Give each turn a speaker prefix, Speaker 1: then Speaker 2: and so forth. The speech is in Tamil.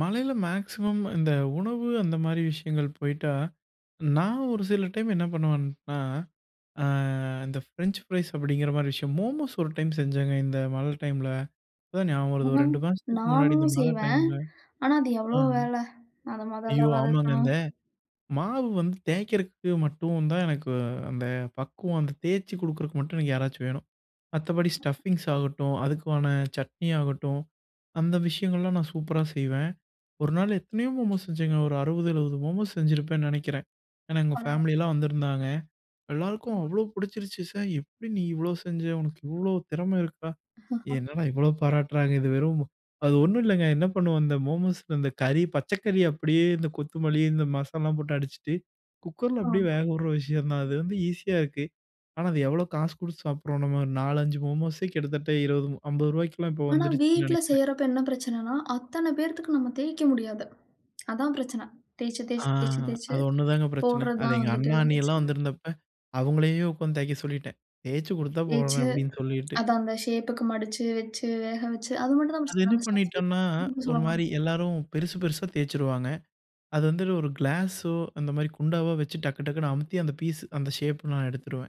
Speaker 1: மழையில மேக்சிமம், இந்த உணவு அந்த மாரி விஷயங்கள் போயிட்டா. நான் ஒரு சில டைம் என்ன பண்ணுவேன்னா? ஆ, அந்த ஃப்ரென்ச் பிரைஸ் அப்டிங்கற மாரி விஷயம். மோமோஸ் ஒரு டைம் செஞ்சங்க. இந்த மழை டைம்ல. இப்ப தான் நியாபகம் வருது, ஒரு
Speaker 2: ம்ஹ்ம்.
Speaker 1: 2 மாசத்துக்கு முன்னாடி இந்த
Speaker 2: நானும்
Speaker 1: மழை
Speaker 2: செய்வேன்.
Speaker 1: டைம்ல
Speaker 2: ஆனா அது
Speaker 1: அ.
Speaker 2: எவ்ளோ வேல. அத முதல்ல
Speaker 1: ஐயோ! ஆமாங்க,
Speaker 2: வதக்கணும்.
Speaker 1: இந்த மாவு வந்து தேக்கறதுக்கு மட்டும் தான், எனக்கு அந்தப் பக்குவம். வந்தத் தேச்சு குடுக்குறதுக்கு மட்டும் எனக்கு யாராச்சும் வேணும். மத்தபடி ஸ்டப்பிங்ஸ் ஆகட்டும். அதுக்குவான சட்னி ஆகட்டும். அந்த விஷயங்கள்லாம் நான் சூப்பரா செய்வேன். ஒரு நாள் எத்தனயோ மோமோஸ் செஞ்சேங்க. ஒரு 60வது, 70வது மோமோஸ் செஞ்சுருப்பேன்னு நெனைக்கிறேன். ஏன்னா எங்க
Speaker 2: பரவல்
Speaker 1: ஃபம்லி எல்லாம் வந்துருந்தாங்க. எல்லாருக்கும் அவ்ளோ புடிச்சுருச்சு. சய் "எப்டி நீ இவ்ளோ செஞ்ச? உனக்கு இவ்ளோ திறம இருக்கா?" என்னடா இவ்ளோ பாராட்டறாங்க. இது வெறும் மொ அது ஒண்ணும் இல்லங்க. என்ன பண்ணுவோம்? இந்த மோமோஸ்ல, அந்தக் கறி பச்சக்கறி அப்டியே இந்தக் கொத்துமல்லி, இந்த மசால்லாம் போட்டு அடிச்சிட்டு, குக்கர்ல அப்டியே
Speaker 2: ஆமா.
Speaker 1: வேகவிடற விஷயம் தான். அது வந்து இசியா இருக்கு. ஆனா அது எவ்ளோ காசு குடுத்து சாப்பிடுவோம் நாம்ம. 4,5 மோமோஸ்யே கிட்டத்தட்ட ரூ. 20, மு 50 இப்ப
Speaker 2: ஆனா,
Speaker 1: வந்துருச்சுன்னு
Speaker 2: வீட்ல
Speaker 1: நெனைக்கிறேன்.
Speaker 2: செய்யறப்ப என்ன பிரச்சனன்னா, அத்தன பேத்துக்கு நம்ம தேய்க்க முடியாது. அதான் பிரச்சன. தேச்சு,
Speaker 1: அ,
Speaker 2: தேச்சு, தேச்சு, தேச்சு
Speaker 1: அது ஒண்ணு தாங்க பிரச்சன. அது
Speaker 2: போடுறதுதான்
Speaker 1: எங்க
Speaker 2: வந்துட்டு
Speaker 1: அண்ணா, அண்ணிலாம்
Speaker 2: பிரச்சன.
Speaker 1: வந்திருந்தப்ப அவங்களையே உக்காந்து தேய்க்க சொல்லிட்டேன். தேச்சு குடுத்தா
Speaker 2: தேய்ச்சு,
Speaker 1: போடுறேன் அப்டின்னு சொல்லிட்டு.
Speaker 2: அத அந்த ஷேப்புக்கு மடிச்சு, வெச்சு, வேக வெச்சு, அது மட்டும்தான்
Speaker 1: அது
Speaker 2: பிரச்சன.
Speaker 1: என்ன
Speaker 2: அந்த ஸ்டப்பிங்
Speaker 1: பண்ணிட்டோம்னா,
Speaker 2: நீங்க
Speaker 1: ஒரு
Speaker 2: சொல்லுங்க.
Speaker 1: மாரி எல்லாரும் பெருசு பெருசா தேச்சுருவாங்க. அது வந்து ஒரு கிலாஸ்சோ, அந்த மாரி குண்டாவோ, வெச்சு டக்கு டக்குன்னு அமுத்தி அந்த பிஸ்ஸு அந்த ஷேப் நான் எடுத்துருவேன்.